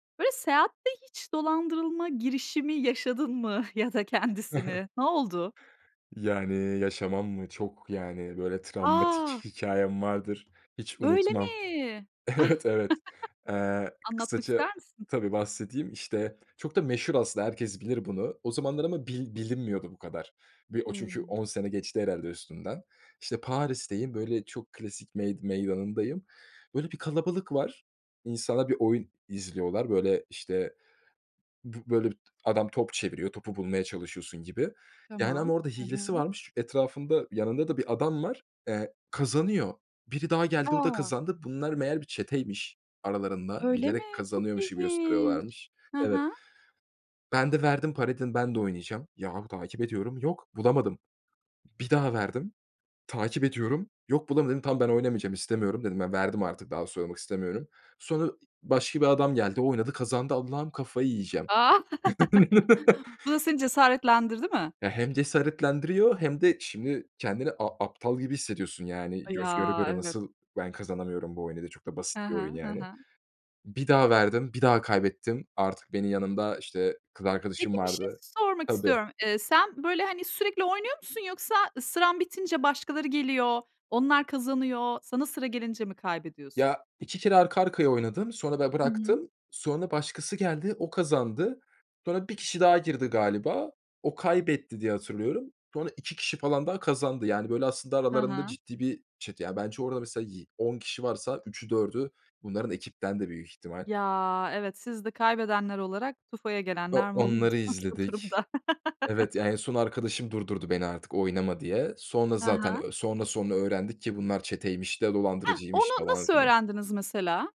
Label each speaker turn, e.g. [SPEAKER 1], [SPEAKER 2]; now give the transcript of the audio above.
[SPEAKER 1] Böyle, seyahatte hiç dolandırılma girişimi yaşadın mı ya da kendisini? Ne oldu?
[SPEAKER 2] Yani, yaşamam mı? Çok, yani, böyle travmatik
[SPEAKER 1] A!
[SPEAKER 2] hikâyem vardır, hiç
[SPEAKER 1] Öyle
[SPEAKER 2] unutmam.
[SPEAKER 1] mi?
[SPEAKER 2] Evet, evet. Eee,
[SPEAKER 1] Anlatmak
[SPEAKER 2] kısaca,
[SPEAKER 1] ister misin?
[SPEAKER 2] tabii, bahsedeyim, işte, çok da meşhur, aslında herkes bilir bunu, o zamanlar ama bil bilinmiyordu bu kadar. Bir, o çünkü,
[SPEAKER 1] Hımm.
[SPEAKER 2] 10 sene geçti, herhâlde, üstünden. İşte, Paris'teyim, böyle, çok klasik mey meydanındayım. Böyle bir kalabalık var. İnsanlar bir oyun izliyorlar. Böyle, işte, bi böyle adam top çeviriyor, topu bulmaya çalışıyorsun gibi, yani, ama
[SPEAKER 1] Tamam.
[SPEAKER 2] orada
[SPEAKER 1] Hı
[SPEAKER 2] hilesi
[SPEAKER 1] hı.
[SPEAKER 2] varmış. Etrafında, yanında da bir adam var, eee, kazanıyor. Biri daha geldi, o da
[SPEAKER 1] A!
[SPEAKER 2] kazandı. Bunlar, meğer, bir çeteymiş. Aralarında
[SPEAKER 1] Öyle mi?
[SPEAKER 2] bilerek
[SPEAKER 1] Çok
[SPEAKER 2] kazanıyormuş gibi
[SPEAKER 1] ilginç.
[SPEAKER 2] gösteriyorlarmış
[SPEAKER 1] Hı
[SPEAKER 2] Evet.
[SPEAKER 1] hı.
[SPEAKER 2] Ben de verdim parayı, dedim: "Ben de oynayacağım." Yahu, takip ediyorum, yok bulamadım. Bir daha verdim, takip ediyorum, yok bulamadım. Dedim: "Tamam, ben oynamayacağım, istemiyorum, dedim, ben verdim artık, daha soyulmak istemiyorum." Sonra başka bir adam geldi, oynadı, kazandı. Allah'ım, kafayı yiyeceğim!
[SPEAKER 1] Ah. Bu da seni cesaretlendirdi mi?
[SPEAKER 2] Ya, hem cesaretlendiriyor hem de şimdi kendini a aptal gibi hissediyorsun; yani, göz göre
[SPEAKER 1] Ya,
[SPEAKER 2] göre
[SPEAKER 1] evet.
[SPEAKER 2] nasıl ben kazanamıyorum bu oyunu diye? Çok da
[SPEAKER 1] Ha
[SPEAKER 2] basit bir
[SPEAKER 1] ha,
[SPEAKER 2] oyun,
[SPEAKER 1] ha
[SPEAKER 2] yani.
[SPEAKER 1] ha.
[SPEAKER 2] Bir daha verdim, bir daha kaybettim. Artık benim yanımda, işte, kız
[SPEAKER 1] Peki,
[SPEAKER 2] arkadaşım
[SPEAKER 1] bir şey
[SPEAKER 2] vardı.
[SPEAKER 1] sormak
[SPEAKER 2] Tabii.
[SPEAKER 1] istiyorum. Eee, sen böyle, hani, sürekli oynuyor musun yoksa sıran bitince başkaları geliyor, onlar kazanıyor, sana sıra gelince mi kaybediyorsun?
[SPEAKER 2] Ya, 2 kere arka arkaya oynadım, sonra ben
[SPEAKER 1] Hı hı.
[SPEAKER 2] bıraktım, sonra başkası geldi, o kazandı. Sonra 1 kişi daha girdi galiba, o kaybetti diye hatırlıyorum. Sonra 2 kişi falan daha kazandı; yani, böyle aslında
[SPEAKER 1] Ha
[SPEAKER 2] aralarında
[SPEAKER 1] ha.
[SPEAKER 2] ciddi bir çete. Ya, bence orada, mesela, yi 10 kişi varsa 3’ü 4’ü bunların ekipten, de büyük ihtimal.
[SPEAKER 1] Ya, evet, siz de kaybedenler olarak tufaya gelenler
[SPEAKER 2] O
[SPEAKER 1] mi
[SPEAKER 2] onları
[SPEAKER 1] oluyorsunuz bu
[SPEAKER 2] izledik.
[SPEAKER 1] durumda?
[SPEAKER 2] Evet ya, en son arkadaşım durdurdu beni artık oynama diye. Sonra
[SPEAKER 1] Ha
[SPEAKER 2] zaten
[SPEAKER 1] ha.
[SPEAKER 2] ö sonra, sonra öğrendik ki bunlar çeteymiş de
[SPEAKER 1] Hah,
[SPEAKER 2] dolandırıcıymış,
[SPEAKER 1] onu
[SPEAKER 2] falan
[SPEAKER 1] nasıl
[SPEAKER 2] filan.
[SPEAKER 1] öğrendiniz, mesela?